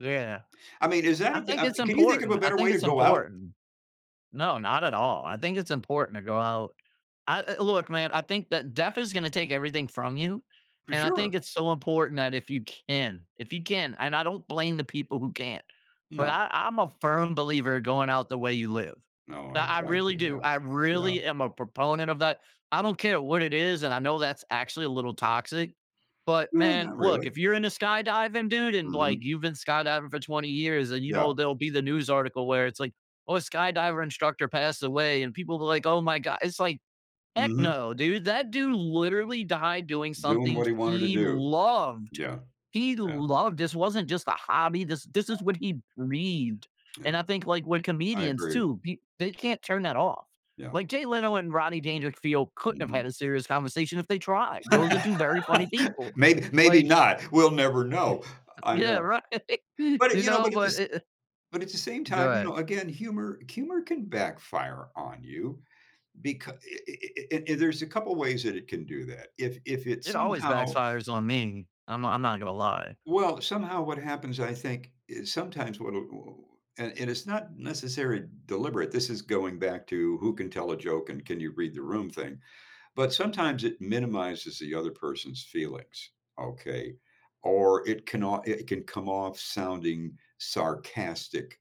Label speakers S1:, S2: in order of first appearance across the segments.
S1: Yeah.
S2: I mean, is that
S1: I
S2: a g
S1: think
S2: uh
S1: it's
S2: can you think of
S1: important,
S2: a
S1: I
S2: better
S1: think
S2: way to
S1: it's
S2: go out?
S1: important. No, not at all, I think it's important to go out I l l look, man, I think that death is gonna take everything from you,
S2: For
S1: and I
S2: sure!
S1: think it's so important that if you can if you can, and I don't blame the people who can't, but
S2: No.
S1: I I'm a firm believer going out the way you live,
S2: No,
S1: I
S2: I
S1: I
S2: tried
S1: really
S2: to.
S1: do,
S2: Yeah.
S1: I
S2: Yeah.
S1: really am a proponent of that. I don't care what it is, and I know that's actually a little toxic, but,
S2: Yeah,
S1: man,
S2: not
S1: look,
S2: really.
S1: if you're into skydiving, dude, and, like,
S2: Mhm.
S1: you've been skydiving for 20 years, and, you know,
S2: Yeah.
S1: there'll be the news article where it's like, "Oh, a skydiver instructor passed away," and people will be like, "Oh my god," it's like, "Heck
S2: Mhm.
S1: no, dude. That dude literally died doing
S2: Doing
S1: something
S2: what he wanted to
S1: he
S2: do.
S1: loved,
S2: Yeah.
S1: he
S2: Yeah.
S1: loved. This wasn't just a hobby, this this is what he breathed."
S2: Yeah.
S1: And I think, like, when
S2: I
S1: comedians
S2: agree.
S1: too, they can't turn that off.
S2: Yeah.
S1: Like, Jay Leno and Roddy Dandrickfield couldn't have
S2: Mhm.
S1: had a serious conversation if they tried! Those are 2 very funny people,
S2: Mayb maybe
S1: like
S2: not. We'll never know. I
S1: Yeah,
S2: know.
S1: right!
S2: But, eh,
S1: You
S2: you know
S1: know?
S2: but, at the
S1: But
S2: s
S1: i uh
S2: but, at the same
S1: Go
S2: time, you
S1: ahead.
S2: know, again, humor humor can backfire on you, becau eh eh eh eh eh there's a couple ways that it can do that. If if it,
S1: It always
S2: somehow
S1: backfires on me, I'm I'm not gonna lie.
S2: well, somehow what happens, I think, is sometimes what wha oh, uh, and it's not necessarily deliberate. This is going back to who can tell a joke and can you read the room thing. But sometimes it minimizes the other person's feelings, okay? Or it cannot it can come off sounding sarcastic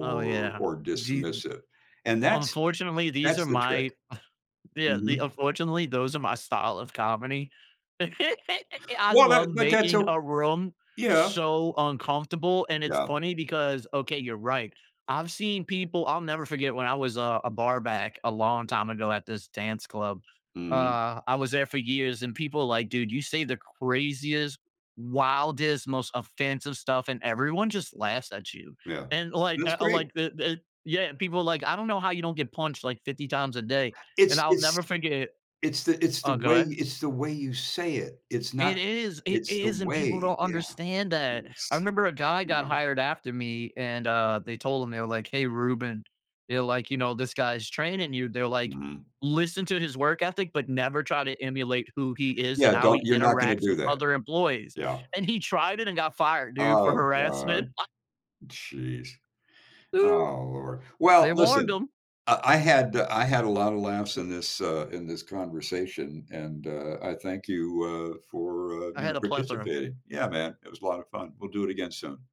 S1: Oh, yeah,
S2: or
S1: di
S2: dismissive, and that's
S1: unfortunately, these
S2: that's
S1: are
S2: the trick.
S1: my yeah, the
S2: Mhm.
S1: unfortunately, those are my style of comedy. I
S2: Well, that
S1: love
S2: but that's
S1: making
S2: o
S1: a room
S2: Yeah.
S1: so uncomfortable, and it's
S2: Yeah.
S1: funny because okay, you're right, I've seen people I'll never forget when I was a a barback a long time ago at this dance club,
S2: Mhm.
S1: uh, I was there for years, and people like, "Dude, you say the craziest, wildest, most offensive stuff, and everyone just laughs at you,"
S2: Yeah.
S1: and, like,
S2: That's
S1: I
S2: great!
S1: like the the yeah people like, "I don't know how you don't get punched, like, 50 times a day," and
S2: It's
S1: I'll
S2: it's
S1: never forget
S2: it's the it's the
S1: Oh, go
S2: way
S1: ahead.
S2: it's the way you say it, it's not
S1: It is! It
S2: it's the
S1: is, and people
S2: way,
S1: don't
S2: yeah.
S1: understand that.
S2: Yes.
S1: I remember a guy
S2: You
S1: got
S2: know?
S1: hired after me, and, uh, they told him, they were like, "Hey, Ruben" they're like, "You know, this guy's training you." They're like,
S2: Mhm.
S1: "Listen to his work ethic, but never try to emulate who he is
S2: Yeah,
S1: and how
S2: don't
S1: he
S2: you're not gonna
S1: interacts
S2: do
S1: with
S2: that.
S1: other employees,"
S2: Yeah.
S1: and he tried it and got fired, dude, for
S2: Oh
S1: harassment.
S2: god. Jeez. Oh lord well,
S1: They warned
S2: listen.
S1: him!
S2: I I had eh, I had a lotta laughs in this uh, in this conversation, and, uh, I thank you, uh, for, uh,
S1: I
S2: you know,
S1: had a plethora.
S2: participating. Yeah, man. It was a lotta fun, we'll do it again soon.